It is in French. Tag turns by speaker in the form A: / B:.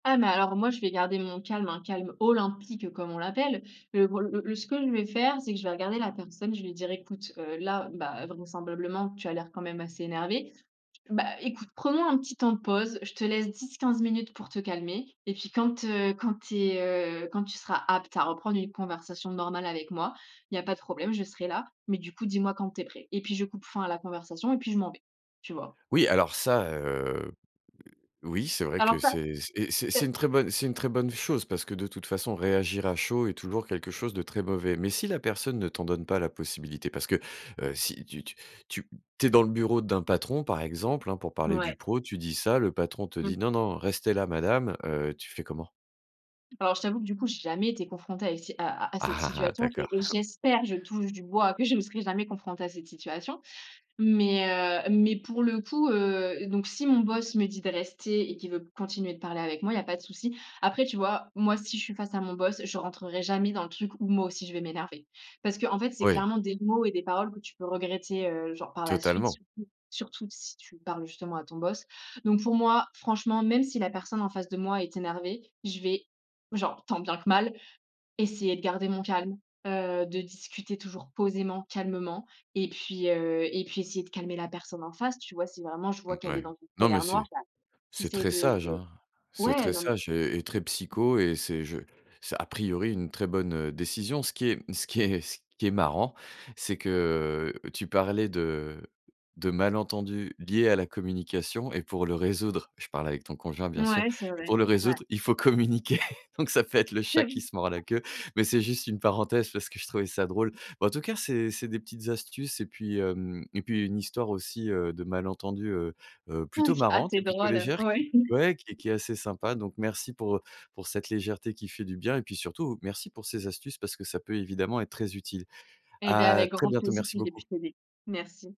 A: Ah mais alors, moi, je vais garder mon calme, un calme olympique comme on l'appelle, le bro le le ce que je vais faire, c'est que je vais regarder la personne, je vais lui dire: «Écoute, heu, là, bah, vraisemblablement, tu as l'air quand même assez énervé, bah, écoute, prenons un petit temps de pause. Je te laisse 10-15 minutes pour te calmer et puis, quand, heu, quand tu es, heu, quand tu seras apte à reprendre une conversation normale avec moi, il y a pas de problème, je serai là, mais du coup dis-moi quand tu es prêt» et puis, je coupe fin à la conversation et puis je m'en vais, tu vois?
B: Oui, alors, ça, heu, o-oui, c'est vrai
A: Alors
B: que
A: ça.
B: c'est et c'est c'est c'est
A: C'est
B: une très bonne c'est une très bonne chose parce que, de toute façon, réagir à chaud est toujours quelque chose de très mauvais. Mais si la personne ne t'en donne pas la possibilité, parce que, heu, si tu tu tu tu es dans le bureau d'un patron, par exemple, hein, pour
A: N
B: parler du
A: ouais.
B: pro, tu dis ça, le patron te dit:
A: Mmh.
B: «Non non, restez là, Madame», heu, tu fais comment?
A: Alors, je t'avoue que, du coup, j'ai jamais été confrontée à, ici, à à à cette
B: Ah ah ah
A: situation et
B: d'accord.
A: et j'espère, je touche du bois, que je ne serai jamais confrontée à cette situation. Mais, heu, mais pour le coup, heu, donc si mon boss me dit de rester et qu'il veut continuer de parler avec moi, il y a pas de souci. Après, tu vois, moi, si je suis face à mon boss, je rentrerais jamais dans le truc où moi aussi, je vais m'énerver. Parce qu'en fait, c'est
B: Ouais.
A: clairement des mots et des paroles que tu peux regretter, heu, genre, par la suite,
B: Totalement.
A: surtout, surtout si tu parles, justement, à ton boss. Donc pour moi, franchement, même si la personne, en face de moi, est énervée, je vais, genre, tant bien que mal, essayer de garder mon calme, heu, de discuter toujours posément, calmement et puis, heu, et puis essayer de calmer la personne en face, tu vois? Si vraiment je vois qu'elle est
B: Mouais.
A: dans une
B: Non, mais
A: colère noire,
B: c'est
A: bah, tu
B: c'est
A: essaies
B: très
A: de
B: sage,
A: de
B: hein, c'est
A: ouais,
B: très
A: non, non.
B: sage et et très psycho et c'est je c'est, a priori, une très bonne, heu, décision. Ce qui est ce qui est ce qui est marrant, c'est que tu parlais de de malentendus liés à la communication et pour le résoudre, je parle avec ton conjoint, bien sûr,
A: Mouais, c'est
B: pour
A: vrai,
B: le
A: ouais.
B: résoudre, il faut communiquer. Donc ça peut être le
A: Mais
B: chat qui
A: oui.
B: se mord la
A: Ah.
B: queue, mais c'est juste une parenthèse parce que je trouvais ça drôle. Bah, en tout cas, c'est c'est des petites astuces et puis, hem et puis une histoire aussi, heu, de malentendus, heu heu, plutôt
A: OK, ah
B: marrante
A: c'est
B: et plutôt
A: drôle,
B: légère qui
A: ouais.
B: ouais, qui est qui est assez sympa. Donc merci pour, heu, pour cette légèreté qui fait du bien et puis surtout, merci pour ces astuces, parce que ça peut évidemment être très utile.
A: Eh beh,
B: À
A: avec
B: très
A: grand
B: bientôt.
A: plaisir,
B: Merci
A: si j'ai
B: beaucoup.
A: pu t'aider. Merci.